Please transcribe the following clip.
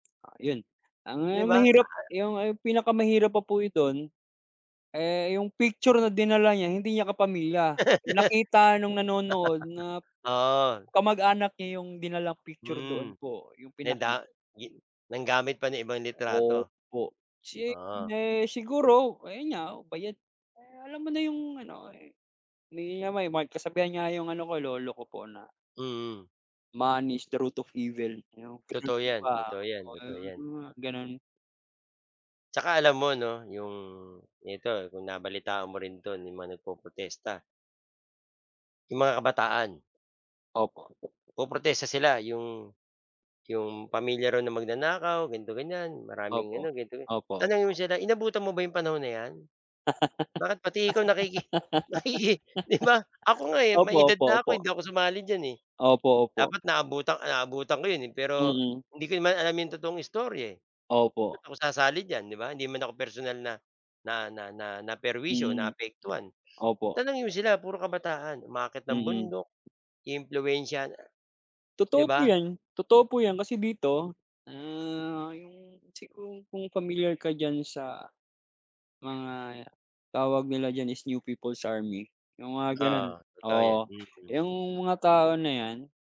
Ah, 'yon. 'Di Ang ba, mahirap a 'yong ay pinakamahirap pa po i do'n, eh, 'yong picture na dinala niya, hindi niya kapamilya. Nakita no'ng nanonood na Oo. kamag-anak niya 'yong dinalang picture doon Mm. po, 'yong 'Di ang da pinaki ginu nanggamit pa ng ibang litrato. Opo. Oo. Chine siguro, ayun nga, bayad. Eh, alam mo na 'yong ano, eh, hindi niya may may kasabihan nga 'yong ano ko, lolo ko po, na Mm. "Money is the root of evil." 'Yon, gano'n Totoo po 'yan, ba, totoo 'yan, totoo 'yan. ah, gano'n. Tsaka alam mo, 'no, 'yong nito, kung nabalitaan mo rin 'to, 'yong mga nagpo-protesta 'yong mga kabataan. Opo. Poprotesta sila 'yong 'yong pamilya raw na magnanakaw, ganito, ganiyan, maraming Opo. ano, ganito-gan Opo, tanungin mo o sila, "Inabutan mo ba 'yong panahon na 'yan? Bakit pati ikaw nakiki nakiki" 'Di ba? Ako nga, eh, Opo, may edad opo, na ako, opo. hindi ako sumali diyan, eh. Opo, opo. Dapat naabutan naabutan ko 'yon, eh, pero, Mm. hindi ko naman alam 'yong totoong istorya, eh, ba't Opo. ako sasali diyan, 'di ba, hindi naman ako personal na na na na naperwisyo, Mm. naapektuhan. Opo. Tanungin mo sila, puro kabataan, umaakyat ng Mm. bundok, iimpluwensiyahan, 'di Totoo po ba? 'yan, totoo po' 'yan. Kasi dito, ah, 'yong siguro kung familiar ka diyan sa, mga, tawag nila diyan is New People's Army, 'yong mga gano'n. Oo, totoo 'yan. Oo, Mhm. 'yong mga tao na 'yan